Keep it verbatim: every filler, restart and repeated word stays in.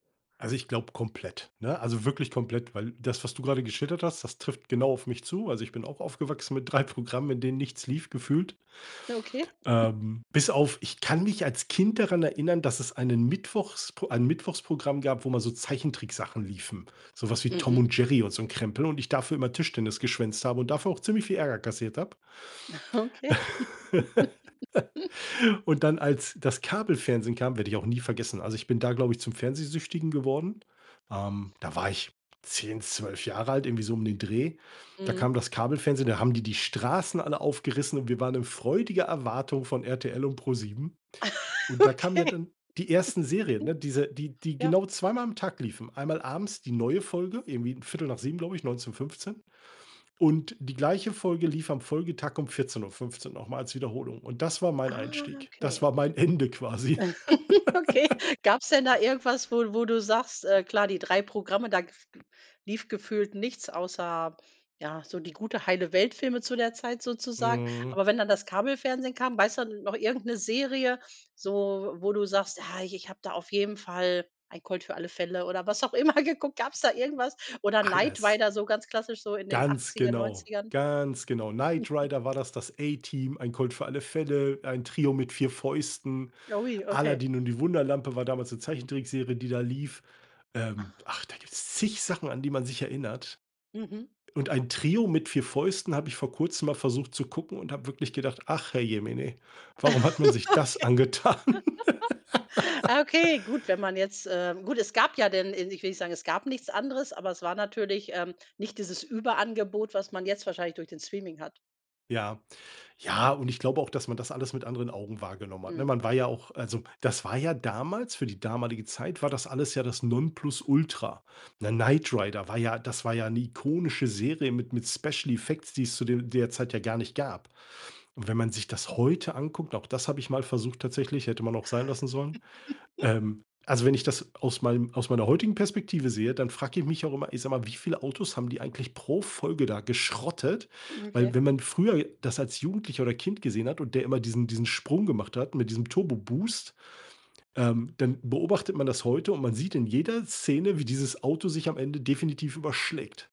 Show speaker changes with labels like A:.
A: Also, ich glaube komplett, ne? Also, wirklich komplett, weil das, was du grade geschildert hast, das trifft genau auf mich zu. Also, ich bin auch aufgewachsen mit drei Programmen, in denen nichts lief gefühlt.
B: Ah, okay.
A: Ähm, bis auf ich kann mich als Kind daran erinnern, dass es einen Mittwochspro ein Mittwochsprogramm gab, wo immer so Zeichentricksachen liefen. Sowas wie Tom
B: Mhm.
A: und Jerry und so 'n Krempel und ich dafür immer Tischtennis geschwänzt habe und dafür auch ziemlich viel Ärger kassiert habe.
B: Okay.
A: Und dann, als das Kabelfernsehen kam werde ich auch nie vergessen. Also, ich bin da, glaube ich, zum Fernsehsüchtigen geworden. Ähm, da war ich zehn, zwölf Jahre alt, irgendwie so um den Dreh. Da
B: Mhm.
A: kam das Kabelfernsehen. Da haben die die Straßen alle aufgerissen und wir waren in freudiger Erwartung von RTL und Pro7. Und da kamen
B: Okay.
A: ja dann die ersten Serien, ne? Diese, die die
B: Ja.
A: genau zweimal am Tag liefen. Einmal abends die neue Folge irgendwie viertel nach sieben glaube ich, neunzehn fünfzehn. Und die gleiche Folge lief am Folgetag um vierzehn Uhr fünfzehn noch mal als Wiederholung. Und das war mein
B: Ah
A: Einstieg. Das
B: okay.
A: war mein Ende quasi.
B: Okay, gab's denn da irgendwas, wo wo du sagst, äh, klar, die drei Programme, da gef lief gefühlt nichts außer, ja, so die gute, heile Welt Filme zu der Zeit sozusagen.
A: Mhm.
B: Aber wenn dann das Kabelfernsehen kam, weißt du da noch irgend 'ne Serie, so wo du sagst: „Ja, ich ich habe da auf jeden Fall „Ein Colt für alle Fälle“ oder was auch immer geguckt." Gab's da irgendwas? Oder „Knight
A: Alles.
B: Rider“, so ganz klassisch so in den
A: Ganz
B: achtziger,
A: genau
B: neunzigern?
A: ganz genau. „Knight Rider“ war das, „Das A-Team“, „Ein Colt für alle Fälle“, „Ein Trio mit 4 Fäusten“
B: Oi, okay.
A: „Aladdin und die Wunderlampe“ war damals 'ne Zeichentrickserie, die da lief ähm,
B: Ach.
A: ach, da gibt's zig Sachen, an die man sich erinnert.
B: Mhm.
A: Und „Ein Trio mit 4 Fäusten“ habe ich vor Kurzem mal versucht zu gucken und habe wirklich gedacht, ach herrjemine,
B: Okay.
A: warum hat man sich das angetan?
B: Ah, okay, gut, wenn man jetzt ähm, gut, es gab ja dann ich will nicht sagen, es gab nichts anderes, aber es war natürlich, ähm, nicht dieses Überangebot, was man jetzt wahrscheinlich durch den Streaming hat.
A: Ja, ja, und ich glaube auch, dass man das alles mit anderen Augen wahrgenommen hat, ne?
B: Mhm.
A: Man war ja auch also, das war ja damals für die damalige Zeit war das alles ja das Nonplusultra, ne? „Knight Rider“ war ja das war ja 'ne ikonische Serie mit mit Special Effects, die es zu de der Zeit ja gar nicht gab. Und wenn man sich das heute anguckt, und auch das habe ich mal versucht tatsächlich, hätte man auch sein lassen sollen ähm, also, wenn ich das aus meinem aus meiner heutigen Perspektive sehe, dann frage ich mich auch immer, ich sage mal, wie viele Autos haben die eigentlich pro Folge da geschrottet?
B: Hm,
A: Weil
B: okay.
A: wenn man früher das als Jugendlicher oder Kind gesehen hat und der immer diesen diesen Sprung gemacht hat mit diesem Turbo Boost, ähm, dann beobachtet man das heute und man sieht in jeder Szene, wie dieses Auto sich am Ende definitiv überschlägt.